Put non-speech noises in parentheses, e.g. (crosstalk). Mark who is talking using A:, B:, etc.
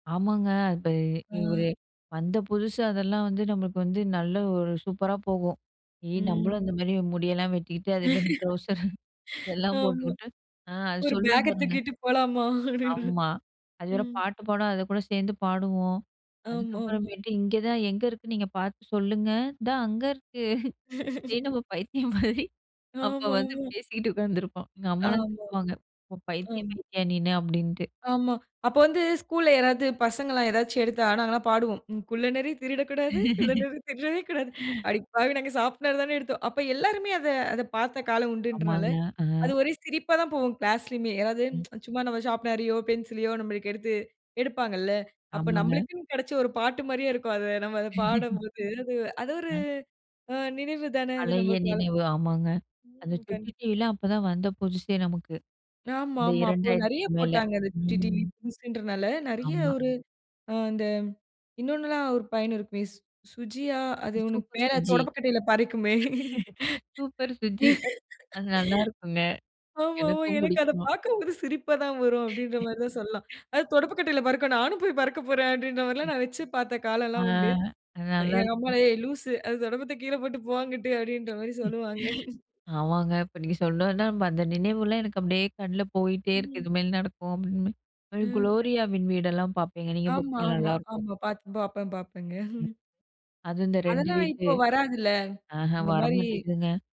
A: ஆமாங்க. அப்ப ஒரு
B: அ.
A: வந்த புதுசு அதெல்லாம் வந்து நம்மளுக்கு வந்து, நல்ல ஒரு சூப்பரா போகும். ஏ நம்மளும்
B: ம்.
A: அந்த மாரி முடியெல்லாம் வெட்டிக்கிட்டு, அதே மாரி ட்ரௌசர் எல்லாம்
B: ஆமா.
A: போட்டுக்கிட்டு அ அது
B: ஒரு
A: சொல்லும்
B: பேக்க
A: பாருங்க.
B: தூக்கிட்டு போலாமா? அப்படின்னு.
A: ஆமா. அது வேற
B: ம்.
A: பாட்டு பாடும் அதைக்கூட சேர்ந்து பாடுவோம்.
B: ஆமா, ஆமா.
A: அதுக்கப்புறமேட்டு "இங்க தான் எங்க இருக்கு நீங்க பார்த்து சொல்லுங்க". "இந்தா அங்க இருக்கு." இத
B: (chuckles)
A: நம்ம பைத்தியம் மாரி அப்ப
B: ஆமா,
A: வந்து
B: ஆமா.
A: பேசிகிட்டு உட்காந்துருப்போம். எங்கம்மாலாம்
B: ஆமாமா.
A: திட்டுவாங்க "பைத்தியம்
B: ஆமா.
A: மாயிட்டயா நீனு" அப்படின்ட்டு.
B: ஆமா. அப்ப வந்து ஸ்கூல்ல யாராவது பசங்கெல்லாம் ஏதாச்சி எடுத்தா நாங்கெல்லாம் பாடுவோம். "குள்ளநரி திருடக்கூடாது, குள்ளநரி திருடவே கூடாது".
A: (chuckles)
B: "அடிப்பாவி நாங்க சாப்புட தானே எடுத்தோம்." அப்ப எல்லாருமே அத, அத பார்த்த காலம் உண்டுன்றனால,
A: ஆமாங்க. ஆ.
B: அது ஒரே சிரிப்பா தான் போகும். கிளாஸ்லயுமே (tsk) அதாவது
A: ம்.
B: சும்மா நாம் ஷார்ப்னர்யோ, பென்சிலயோ நமளுக்கு எடுத்து எடுப்பாங்கல்ல. அப்போ
A: ஆமாங்க.
B: நம்பளுக்குன்னு கெடச்ச ஒரு பாட்டு மாரியே இருக்கும். அது நம்ம அத
A: (chuckles)
B: பாடும்போது, அது அது ஒரு
A: ம்.
B: அ நினைவு தானே அது
A: பழைய
B: நமக்கு வ
A: நினைவு ஆமாங்க. அந்த
B: ம்
A: சுட்டி
B: கண்டிப்பா.
A: டிவிலாம் அப்பதான் வந்த புதுசு நமக்கு, இந்த
B: ஆமாமா. அப்போ நெறைய
A: 2000 மேல.
B: போட்டாங்க. அந்த சுட்டி டிவி
A: ம்.
B: புதுசுன்றனால நெறைய,
A: ஆமா.
B: ஒரு ஆ இந்த இன்னொன்னுல்லாம் ஒரு பையன் இருக்குமே சுஜியா? அது ஒண்ணு
A: சூப்பர்
B: மேல
A: சுஜி.
B: தொடப்பு கட்டையில பறக்குமே.
A: சூப்பர் சுஜி அது நல்லாயிருக்குங்க,
B: ஆமாமா.
A: எனக்கும்
B: எனக்கு அத
A: பிடிக்குமா.
B: பார்க்கும்போதே சிரிப்பா தான் வரும். அப்படிங்கிற மாரி தான் சொல்லலாம்.
A: (chuckles)
B: அதாவது தொடப்பக்கட்டையில பறக்கும். நானும் போய் பறக்க போறேன் அப்படின்ற மாரியெல்லாம் நான் வெச்சு பார்த்த
A: ஆ,
B: காலல்லாம் உண்டு.
A: அது
B: அ எங்க
A: நல்லாயிருக்கும்.
B: அம்மா"ஏய்! லூசு அது தொடப்பத்த கீழ போட்டு போ, அங்குட்டு" அப்படீன்ற மாரி
A: (unintelligible)
B: சொல்லுவாங்க.
A: ஆமாங்க. இப்ப நீங்க சொன்னோனே அந்த நினைவுலாம் எனக்கு அப்படியே கண்ல போயிட்டே இருக்கு.
B: ம்.
A: இதுமேல நடக்கும் அப்படின்னு,
B: ம். (unintelligible)
A: "குளோரியாவின் வீடெல்லாம்" பார்ப்பேங்க. நீங்க
B: ஆமா,
A: பார்ப்பீங்களா?
B: ஆமா,
A: நல்லாயிருக்கும்.
B: ஆமா. பார்த்து பார்ப்பேன் பார்ப்பேங்க.
A: ம்.
B: (chuckles)
A: அது இந்த 2
B: அதெல்லாம்
A: வீட்டு,
B: இப்போ வராதுல்ல
A: ஆஹ
B: இந்த
A: வர
B: மாரி.
A: மாட்டேங்குதுங்க.